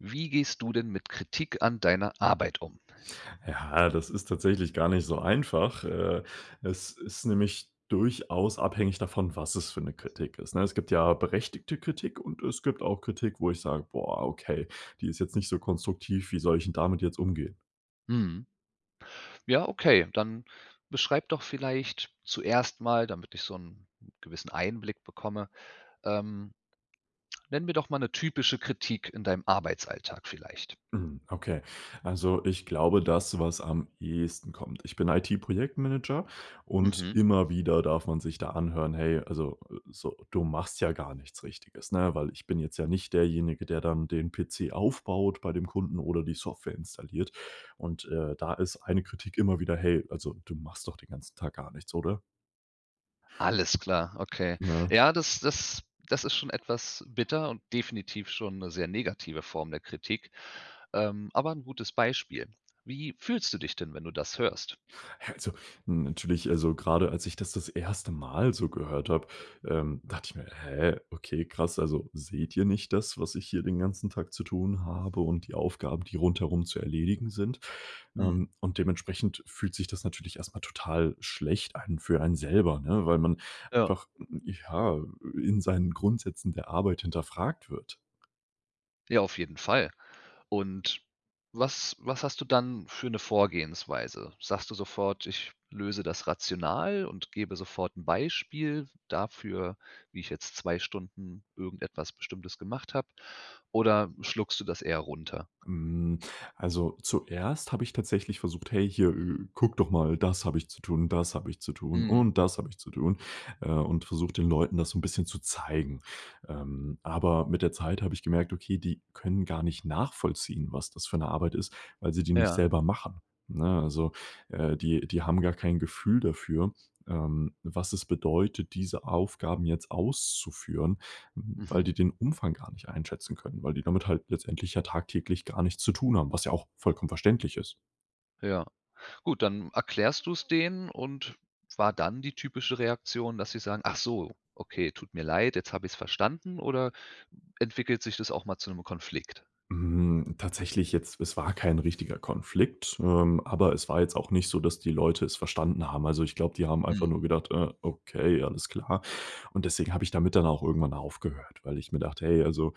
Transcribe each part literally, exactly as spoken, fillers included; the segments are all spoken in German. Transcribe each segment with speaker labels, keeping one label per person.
Speaker 1: Wie gehst du denn mit Kritik an deiner Arbeit um?
Speaker 2: Ja, das ist tatsächlich gar nicht so einfach. Äh, es ist nämlich durchaus abhängig davon, was es für 'ne Kritik ist, ne? Es gibt ja berechtigte Kritik und es gibt auch Kritik, wo ich sage: „Boah, okay, die ist jetzt nicht so konstruktiv. Wie soll ich 'n damit jetzt umgehen?“
Speaker 1: Mhm. Ja, okay, dann beschreib doch vielleicht zuerst mal, damit ich so 'n gewissen Einblick bekomme, ähm nenn mir doch mal 'ne typische Kritik in deinem Arbeitsalltag vielleicht.
Speaker 2: Mhm, okay, also, ich glaube das, was am ehesten kommt Ich bin IT-Projektmanager, und
Speaker 1: Mhm.
Speaker 2: immer wieder darf man sich da anhören: „Hey, also, so, du machst ja gar nichts Richtiges,“ ne? Weil ich bin jetzt ja nicht derjenige, der dann den PC aufbaut bei dem Kunden oder die Software installiert. Und, äh, da ist eine Kritik immer wieder: „Hey, also, du machst doch den ganzen Tag gar nichts, oder?“
Speaker 1: Alles klar, okay.
Speaker 2: Ja.
Speaker 1: Ja, das das das ist schon etwas bitter und definitiv schon 'ne sehr negative Form der Kritik, ähm aber 'n gutes Beispiel. Wie fühlst du dich denn, wenn du das hörst?
Speaker 2: Ja, also, natürlich also, grade als ich das das erste Mal so gehört habe, ähm, dachte ich mir: „Hä, okay krass. Also, seht ihr nicht das, was ich hier den ganzen Tag zu tun habe und die Aufgaben, die rundherum zu erledigen sind?“
Speaker 1: Mhm.
Speaker 2: Ähm, und dementsprechend fühlt sich das natürlich erst mal total schlecht an für einen selber, ne, weil man
Speaker 1: Ja.
Speaker 2: einfach, ja, in seinen Grundsätzen der Arbeit hinterfragt wird.
Speaker 1: Ja, auf jeden Fall. Und, was was hast du dann für 'ne Vorgehensweise? Sagst du sofort: „Ich löse das rational und gebe sofort 'n Beispiel dafür, wie ich jetzt zwei Stunden irgendetwas Bestimmtes gemacht habe“ oder schluckst du das eher runter?
Speaker 2: Hm, also, zuerst habe ich tatsächlich versucht: „Hey hier, äh, gucke doch mal, das habe ich zu tun, das habe ich zu tun
Speaker 1: Mhm.
Speaker 2: und das habe ich zu tun,“ äh, und versucht, den Leuten das so 'n bisschen zu zeigen. Ähm, aber mit der Zeit habe ich gemerkt: Okay, die können gar nicht nachvollziehen, was das für 'ne Arbeit ist, weil sie die nicht
Speaker 1: Ja.
Speaker 2: selber machen, ne? Also, äh, die die haben gar kein Gefühl dafür, ähm, was es bedeutet, diese Aufgaben jetzt auszuführen, weil
Speaker 1: Mhm.
Speaker 2: die den Umfang gar nicht einschätzen können. Weil die damit halt letztendlich ja tagtäglich gar nichts zu tun haben, was ja auch vollkommen verständlich ist.
Speaker 1: Ja, gut, dann erklärst du's denen und war dann die typische Reaktion, dass sie sagen: „Achso, okay, tut mir leid, jetzt habe ich's verstanden“ oder entwickelt sich das auch mal zu 'nem Konflikt?
Speaker 2: Hm, tatsächlich jetzt es war kein richtiger Konflikt, ähm, aber es war jetzt auch nicht so, dass die Leute es verstanden haben. Also, ich glaube, die haben einfach
Speaker 1: Mhm.
Speaker 2: nur gedacht, äh: „Okay, alles klar.“ Und deswegen habe ich damit dann auch irgendwann aufgehört, weil ich mir dachte: „Hey, also,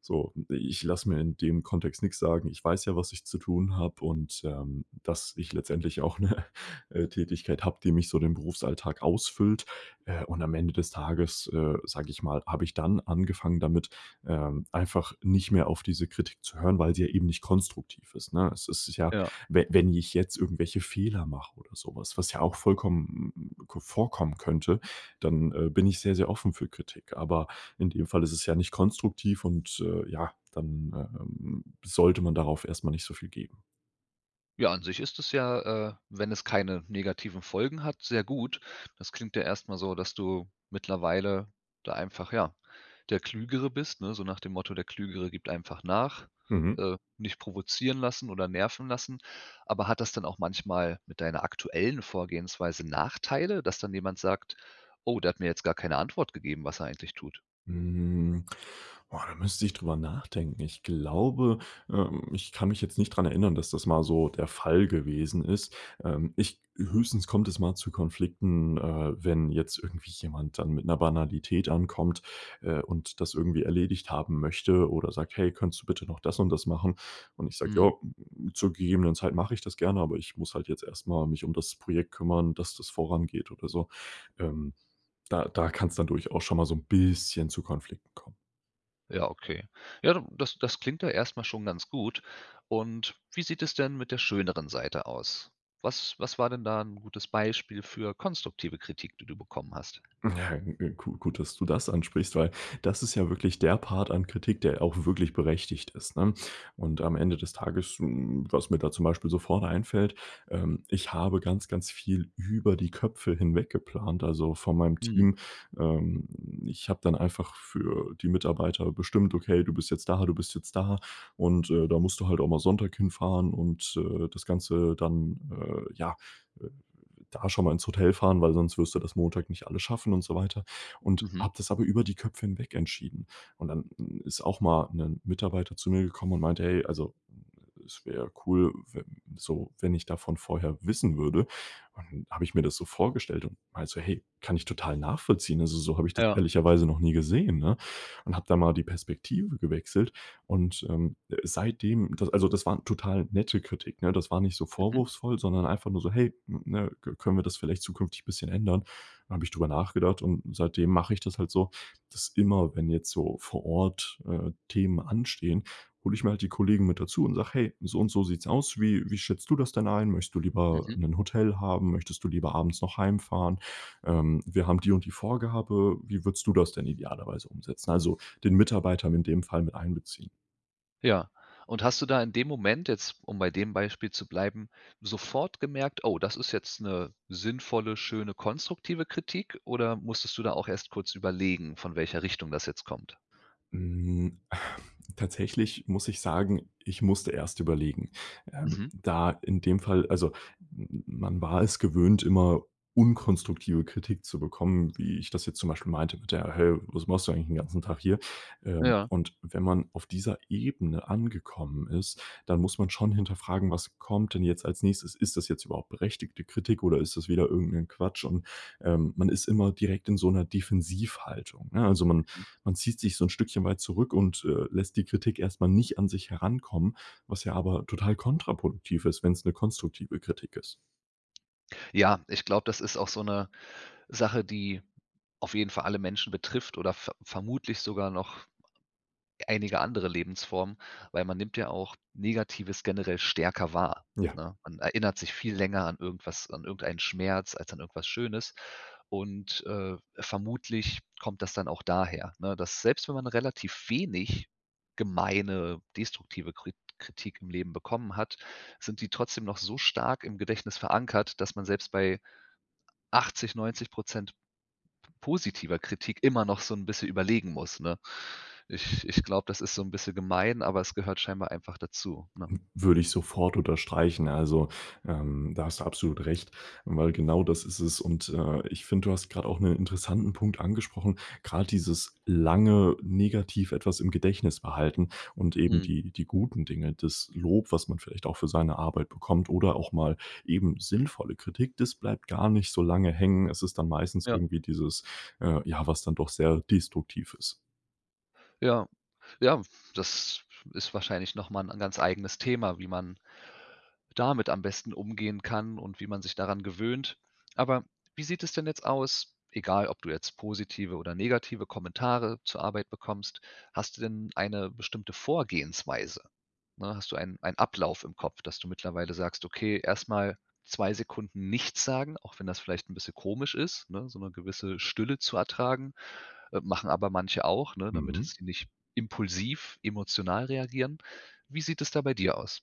Speaker 2: so, ich lasse mir in dem Kontext nix sagen. Ich weiß ja, was ich zu tun habe und, ähm, dass ich letztendlich auch 'ne, äh, Tätigkeit habe, die mich so den Berufsalltag ausfüllt.“ Äh, und am Ende des Tages, äh, sage ich mal, habe ich dann angefangen damit, ähm, einfach nicht mehr auf diese Kritik zu hören, weil sie ja eben nicht konstruktiv ist, ne? Es ist ja
Speaker 1: Ja.
Speaker 2: we wenn ich jetzt irgendwelche Fehler mache oder so was, was ja auch vollkommen ko vorkommen könnte, dann, äh, bin ich sehr, sehr offen für Kritik. Aber in dem Fall ist es ja nicht konstruktiv und, äh, ja, dann, ähm, sollte man darauf erst mal nicht so viel geben.
Speaker 1: Ja, an sich ist das ja, äh, wenn es keine negativen Folgen hat, sehr gut. Das klingt ja erst mal so, dass du mittlerweile da einfach ja der Klügere bist, ne, so nach dem Motto, der Klügere gibt einfach nach.
Speaker 2: Mhm.
Speaker 1: Äh, nicht provozieren lassen oder nerven lassen. Aber hat das dann auch manchmal mit deiner aktuellen Vorgehensweise Nachteile, dass dann jemand sagt: „Oh, der hat mir jetzt gar keine Antwort gegeben, was er eigentlich tut.“
Speaker 2: Mhm. Boah, da müsste ich drüber nachdenken. Ich glaube ähm, ich kann mich jetzt nicht dran erinnern, dass das mal so der Fall gewesen ist. Ähm, ich g höchstens kommt es mal zu Konflikten, äh, wenn jetzt irgendwie jemand dann mit 'ner Banalität ankommt, äh, und das irgendwie erledigt haben möchte oder sagt: „Hey könntest du bitte noch das und das machen?" und ich sage: „Ja,
Speaker 1: Mhm.
Speaker 2: zur gegebenen Zeit mache ich das gerne, aber ich muss halt jetzt erst mal mich um das Projekt kümmern, dass das vorangeht" oder so. Ähm. Da da kann's dann durchaus schon mal so 'n bisschen zu Konflikten kommen.
Speaker 1: Ja, okay. Ja, du, das das klingt ja erst mal schon ganz gut. Und wie sieht es denn mit der schöneren Seite aus? Was was war denn da 'n gutes Beispiel für konstruktive Kritik, die du bekommen hast?
Speaker 2: Ja, g gut dass du das ansprichst, weil das ist ja wirklich der Part an Kritik der auch wirklich berechtigt ist ne, und am Ende des Tages hm, was mir da zum Beispiel so vorne einfällt ähm, ich habe ganz, ganz viel über die Köpfe hinweg geplant, also, von meinem
Speaker 1: Mhm.
Speaker 2: Team. Ähm, ich habe dann einfach für die Mitarbeiter bestimmt: „Okay, du bist jetzt da, du bist jetzt da. Und, äh, da musst du halt auch mal Sonntag hinfahren und, äh, das Ganze, äh, dann, äh, ja, äh, da schon mal ins Hotel fahren, weil sonst wirst du das Montag nicht alles schaffen“ und so weiter und
Speaker 1: Mhm.
Speaker 2: habe das aber über die Köpfe hinweg entschieden. Und dann ist auch mal 'nen Mitarbeiter zu mir gekommen und meinte: „Hey, also, es wäre cool, w wenn so wenn ich davon vorher wissen würde", und dann habe ich mir das so vorgestellt und meinte so: „Hey, kann ich total nachvollziehen. Also, so habe ich das
Speaker 1: Ja.
Speaker 2: ehrlicherweise noch nie gesehen", ne? Und habe da mal die Perspektive gewechselt und, ähm, äh, seitdem da also, das war 'ne total nette Kritik, ne? Das war nicht so
Speaker 1: Mhm.
Speaker 2: vorwurfsvoll, sondern einfach nur so: „Hey, n ne, k können wir das vielleicht zukünftig bisschen ändern?“ Dann habe ich drüber nachgedacht, und seitdem mache ich das halt so, dass immer, wenn jetzt so vor Ort, äh, Themen anstehen, hole ich mir halt die Kollegen mit dazu und sage:„ Hey, so und so sieht's aus, wie wie schätzt du das denn ein? Möchtest du lieber
Speaker 1: Mhm.
Speaker 2: 'nen Hotel haben? Möchtest du lieber abends noch heimfahren? Ähm. Wir haben die und die Vorgabe. Wie würdest du das denn idealerweise umsetzen?“ Also, den Mitarbeiter in dem Fall mit einbeziehen?
Speaker 1: Ja. Und hast du da in dem Moment jetzt, um bei dem Beispiel zu bleiben, sofort gemerkt: „Oh, das ist jetzt 'ne sinnvolle, schöne, konstruktive Kritik“ oder musstest du da auch erst kurz überlegen, von welcher Richtung das jetzt kommt?
Speaker 2: Hm, tatsächlich muss ich sagen, ich musste erst überlegen. Ähm,
Speaker 1: Mhm.
Speaker 2: da in dem Fall also, m m man war es gewöhnt, immer unkonstruktive Kritik zu bekommen, wie ich das jetzt zum Beispiel meinte mit der: „Hä, was machst du eigentlich 'n ganzen Tag hier?“ Ähm,
Speaker 1: Ja.
Speaker 2: und wenn man auf dieser Ebene angekommen ist, dann muss man schon hinterfragen: „Was kommt denn jetzt als Nächstes? Ist das jetzt überhaupt berechtigte Kritik oder ist das wieder irgend 'nen Quatsch?“ Und, ähm, man ist immer direkt in so 'ner Defensivhaltung, ne? Also, man
Speaker 1: Mhm.
Speaker 2: man zieht sich so 'n Stückchen weit zurück und, äh, lässt die Kritik erst mal nicht an sich herankommen, was ja aber total kontraproduktiv ist, wenn's 'ne konstruktive Kritik ist.
Speaker 1: Ja, ich glaube, das ist auch so 'ne Sache, die auf jeden Fall alle Menschen betrifft oder ver vermutlich sogar noch einige andere Lebensformen, weil man nimmt ja auch Negatives generell stärker wahr,
Speaker 2: Ja.
Speaker 1: ne? Man erinnert sich viel länger an irgendwas an irgendeinen Schmerz, als an irgendwas Schönes und, äh, vermutlich kommt das dann auch daher, ne, dass selbst wenn man relativ wenig gemeine destruktive Kri Kritik im Leben bekommen hat, sind die trotzdem noch so stark im Gedächtnis verankert, dass man selbst bei achtzig, neunzig Prozent p positiver Kritik immer noch so 'n bisschen überlegen muss, ne? Ich ich glaube, das ist so 'n bisschen gemein, aber es gehört scheinbar einfach dazu, ne?
Speaker 2: W würde ich sofort unterstreichen. Also, ähm, da hast du absolut recht, weil genau das ist es. Und, äh, ich finde, du hast grade auch 'nen interessanten Punkt angesprochen, grad dieses lange negativ etwas im Gedächtnis behalten und eben
Speaker 1: Mhm.
Speaker 2: die die guten Dinge, das Lob, was man vielleicht auch für seine Arbeit bekommt oder auch mal eben sinnvolle Kritik, das bleibt gar nicht so lange hängen. Es ist dann meistens
Speaker 1: Ja.
Speaker 2: irgendwie dieses, äh, ja, was dann doch sehr destruktiv ist.
Speaker 1: Ja, ja, das ist wahrscheinlich noch mal 'n an ganz eigenes Thema, wie man damit am besten umgehen kann und wie man sich daran gewöhnt. Aber wie sieht es denn jetzt aus, egal ob du jetzt positive oder negative Kommentare zur Arbeit bekommst, hast du denn eine bestimmte Vorgehensweise? Ne, hast du einen einen Ablauf im Kopf, dass du mittlerweile sagst: „Okay, erst mal zwei Sekunden nichts sagen,“ auch wenn das vielleicht 'n bisschen komisch ist, ne, so 'ne gewisse Stille zu ertragen, äh, machen aber manche auch, ne, damit dass
Speaker 2: Mhm.
Speaker 1: sie nicht impulsiv emotional reagieren. Wie sieht es da bei dir aus?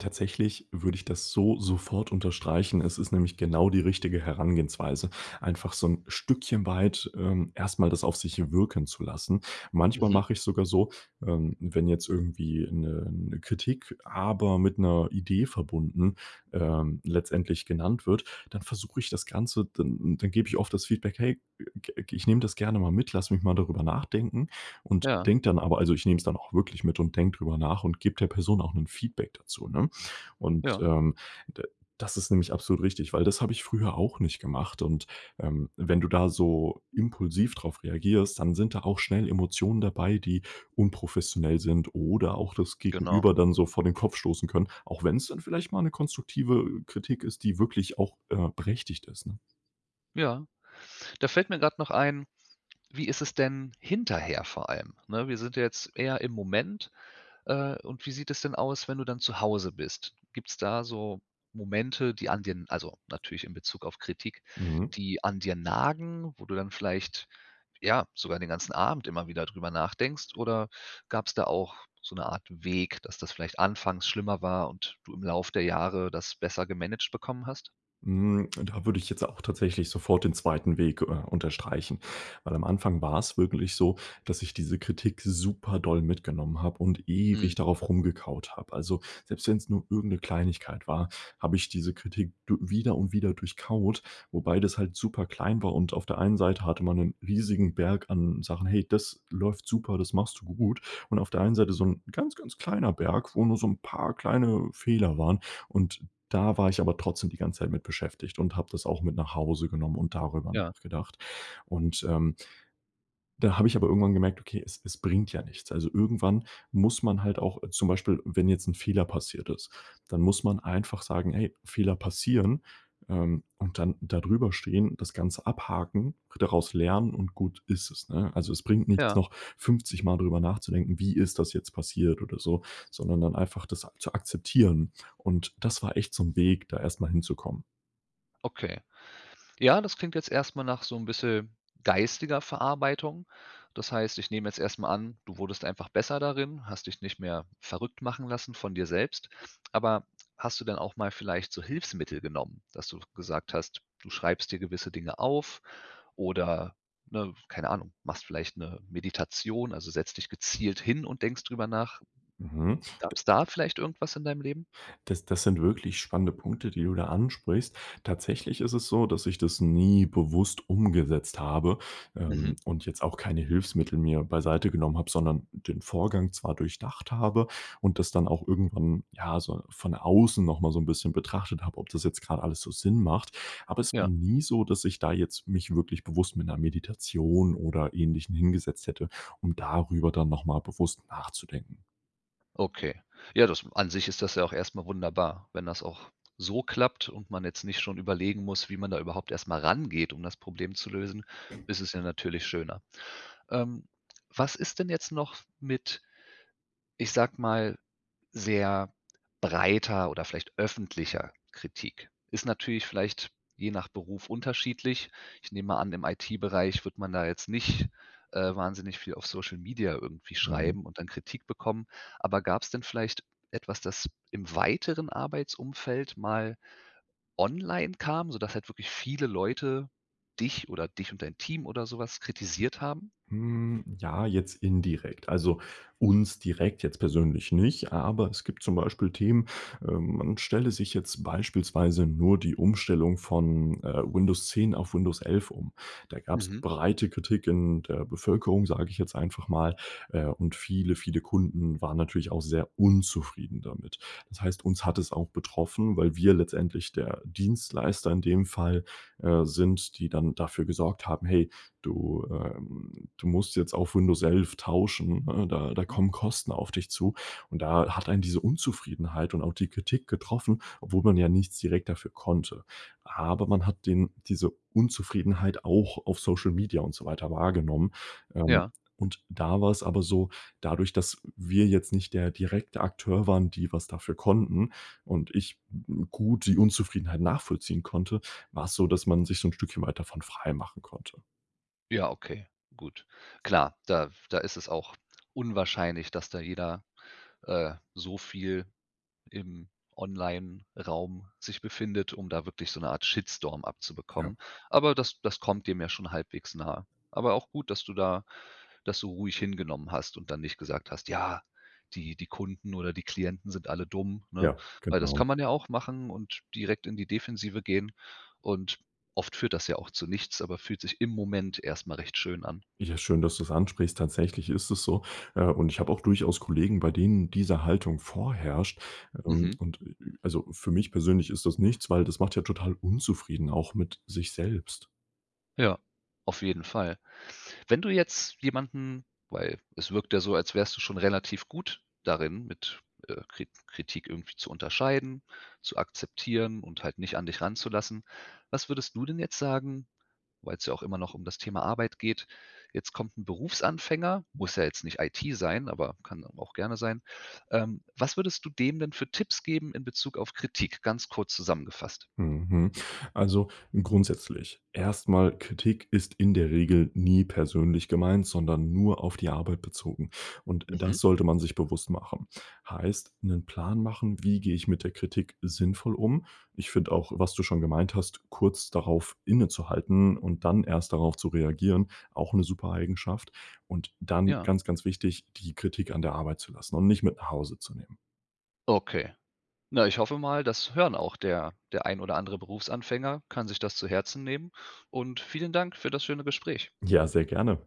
Speaker 2: Tatsächlich würde ich das so sofort unterstreichen. Es ist nämlich genau die richtige Herangehensweise einfach so 'n Stückchen weit, ähm, erst mal das auf sich wirken zu lassen. Manchmal
Speaker 1: Mhm.
Speaker 2: mache ich sogar so, ähm, wenn jetzt irgendwie 'ne 'ne Kritik, aber mit 'ner Idee verbunden, ähm, letztendlich genannt wird, dann versuche ich das Ganze dann dann gebe ich oft das Feedback: „Hey, ge ge ich nehme das gerne mal mit, lass mich mal darüber nachdenken“ und
Speaker 1: Ja.
Speaker 2: denke dann aber also, ich nehme es dann auch wirklich mit und denke drüber nach und gebe der Person auch 'nen Feedback dazu, ne? Und,
Speaker 1: Ja.
Speaker 2: ähm, da das ist nämlich absolut richtig, weil das habe ich früher auch nicht gemacht. Und, ähm, wenn du da so impulsiv drauf reagierst, dann sind da auch schnell Emotionen dabei, die unprofessionell sind oder auch das
Speaker 1: Genau.
Speaker 2: Gegenüber dann so vor den Kopf stoßen können, auch wenn's dann vielleicht mal 'ne konstruktive Kritik ist, die wirklich auch, äh, berechtigt ist, ne?
Speaker 1: Ja, da fällt mir grade noch ein, wie ist es denn hinterher vor allem, ne? Wir sind ja jetzt eher im Moment, äh, und wie sieht es denn aus, wenn du dann zu Hause bist? Gibt's da so Momente, die an dir n also, natürlich im Bezug auf Kritik,
Speaker 2: Mhm.
Speaker 1: die an dir nagen, wo du dann vielleicht, ja, sogar den ganzen Abend immer wieder drüber nachdenkst? Oder gab's da auch so 'ne Art Weg, dass das vielleicht anfangs schlimmer war und du im Lauf der Jahre das besser gemanagt bekommen hast?
Speaker 2: Hm, und da würde ich jetzt auch tatsächlich sofort den zweiten Weg, äh, unterstreichen. Weil am Anfang war es wirklich so, dass ich diese Kritik super doll mitgenommen habe und
Speaker 1: Mhm.
Speaker 2: ewig darauf rumgekaut habe. Also, selbst wenn's nur irgend 'ne Kleinigkeit war, habe ich diese Kritik du wieder und wieder durchkaut, wobei das halt superklein war. Und auf der einen Seite hatte man 'nen riesigen Berg an Sachen: „Hey, das läuft super, das machst du gut.“ Und auf der einen Seite so 'n ganz, ganz kleiner Berg, wo nur so 'n paar kleine Fehler waren. Und da war ich aber trotzdem die ganze Zeit mit beschäftigt und habe das auch mit nach Hause genommen und darüber
Speaker 1: Ja.
Speaker 2: nachgedacht und, ähm dann habe ich aber irgendwann gemerkt: „Okay es es bringt ja nichts.“ Also, irgendwann muss man halt auch zum Beispiel wenn jetzt 'n Fehler passiert ist, dann muss man einfach sagen: „Ey, Fehler passieren,“ ähm, und dann da drüber stehen, das Ganze abhaken, daraus lernen und gut ist es, ne? Also, es bringt nichts
Speaker 1: Ja.
Speaker 2: noch fünfzigmal drüber nachzudenken: „Wie ist das jetzt passiert“ oder so, sondern dann einfach das ak zu akzeptieren. Und das war echt so 'n Weg, da erst mal hinzukommen.
Speaker 1: Okay. Ja, das klingt jetzt erst mal nach so 'n bisschen geistiger Verarbeitung. Das heißt, ich nehme jetzt erst mal an, du wurdest einfach besser darin, hast dich nicht mehr verrückt machen lassen von dir selbst. Aber hast du denn auch mal vielleicht so Hilfsmittel genommen, dass du gesagt hast, du schreibst dir gewisse Dinge auf oder, ne, keine Ahnung, machst vielleicht 'ne Meditation, also, setzt dich gezielt hin und denkst drüber nach.
Speaker 2: Mhm.
Speaker 1: Gab's da vielleicht irgendwas in deinem Leben?
Speaker 2: Das das sind wirklich spannende Punkte die du da ansprichst. Tatsächlich ist es so, dass ich das nie bewusst umgesetzt habe,
Speaker 1: Mhm.
Speaker 2: ähm, und jetzt auch keine Hilfsmittel mIr beiseite genommen habe sondern den Vorgang zwar durchdacht habe und das dann auch irgendwann, ja, so von außen noch mal so 'n bisschen betrachtet habe, ob das jetzt grad alles so Sinn macht. Aber es war
Speaker 1: Ja.
Speaker 2: nie so, dass ich da jetzt mich wirklich bewusst mit 'ner Meditation oder Ähnlichem hingesetzt hätte, um darüber dann noch mal bewusst nachzudenken.
Speaker 1: Okay. Ja das an sich ist das ja auch erst mal wunderbar, wenn das auch so klappt und man jetzt nicht schon überlegen muss, wie man da überhaupt erst mal rangeht, um das Problem zu lösen, ist es ja natürlich schöner. Ähm, was ist denn jetzt noch mit, ich sage mal, sehr breiter oder vielleicht öffentlicher Kritik. Ist natürlich vielleicht je nach Beruf unterschiedlich. Ich nehme mal an im IT-Bereich wird man da jetzt nicht, äh, wahnsinnig viel auf Social Media irgendwie
Speaker 2: Mhm.
Speaker 1: schreiben und dann Kritik bekommen. Aber gab's denn vielleicht etwas, das im weiteren Arbeitsumfeld mal online kam, sodass halt wirklich viele Leute dich oder dich und dein Team oder so was kritisiert haben?
Speaker 2: Mhm, ja jetzt indirekt. Also, uns direkt jetzt persönlich nicht aber es gibt zum Beispiel Themen, ähm, man stelle sich jetzt beispielsweise nur die Umstellung von, äh, Windows 10 auf Windows 11 um. Da gab's
Speaker 1: Mhm.
Speaker 2: breite Kritik in der Bevölkerung, sage ich jetzt einfach mal, äh, und viele, viele Kunden waren natürlich auch sehr unzufrieden damit. Das heißt, uns hat es auch betroffen, weil wir letztendlich der Dienstleister in dem Fall, äh, sind, die dann dafür gesorgt haben: „Hey, du, äh, du musst jetzt auf Windows 11 tauschen, ne, da da
Speaker 1: Mhm.
Speaker 2: kommen Kosten auf dich zu.“ Und da hat einen diese Unzufriedenheit und auch die Kritik getroffen, obwohl man ja nichts direkt dafür konnte. Aber man hat den diese Unzufriedenheit auch auf Social Media und so weiter wahrgenommen. Ähm,
Speaker 1: Ja.
Speaker 2: und da war's aber so, dadurch, dass wir jetzt nicht der direkte Akteur waren, die was dafür konnten und ich gut die Unzufriedenheit nachvollziehen konnte, war's so, dass man sich so 'n Stückchen weit davon freimachen konnte.
Speaker 1: Ja, okay, gut. Klar, da f da ist es auch unwahrscheinlich, dass da jeder, äh, so viel im Onlineraum sich befindet, um da wirklich so 'ne Art Shitstorm
Speaker 2: Ja.
Speaker 1: abzubekommen. Aber das das kommt dem ja schon halbwegs nahe. Aber auch gut, dass du da das so ruhig hingenommen hast und dann nicht gesagt hast: „Ja, die die Kunden oder die Klienten sind alle dumm,“ ne?
Speaker 2: Ja,
Speaker 1: Weil das
Speaker 2: genau.
Speaker 1: kann man ja auch machen und direkt in die Defensive gehen und oft führt das ja auch zu nichts, aber fühlt sich im Moment erst mal recht schön an.
Speaker 2: Ja schön, dass du es ansprichst. Tatsächlich ist es so, äh und ich habe auch durchaus Kollegen bei denen diese Haltung vorherrscht
Speaker 1: Mhm.
Speaker 2: und und, [unintelligible] also, für mich persönlich ist das nichts, weil das macht ja total unzufrieden auch mit sich selbst.
Speaker 1: Ja, auf jeden Fall. Wenn du jetzt jemanden weil es wirkt ja so, als wärst du schon relativ gut darin mit, äh Kri Kritik irgendwie zu unterscheiden, zu akzeptieren und halt nicht an dich ranzulassen. Was würdest du denn jetzt sagen weil's ja auch immer noch um das Thema Arbeit geht. Jetzt kommt 'n Berufsanfänger, muss ja jetzt nicht IT sein, aber kann dann auch gerne sein. Ähm, was würdest du dem denn für Tipps geben in Bezug auf Kritik, ganz kurz zusammengefasst?
Speaker 2: Mhm, mhm, also, grundsätzlich erst mal, Kritik ist in der Regel nie persönlich gemeint, sondern nur auf die Arbeit bezogen und
Speaker 1: Mhm.
Speaker 2: das sollte man sich bewusst machen. Heißt: 'Nen Plan machen, wie gehe ich mit der Kritik sinnvoll um. Ich finde auch, was du schon gemeint hast, kurz darauf innezuhalten und dann erst darauf zu reagieren, auch 'ne super Eigenschaft. Und dann
Speaker 1: Ja.
Speaker 2: ganz, ganz wichtig, die Kritik an der Arbeit zu lassen und nicht mit nach Hause zu nehmen.
Speaker 1: Okay. Na, ich hoffe mal, das hören auch der der ein oder andere Berufsanfänger kann sich das zu Herzen nehmen und vielen Dank für das schöne Gespräch.
Speaker 2: Ja, sehr gerne.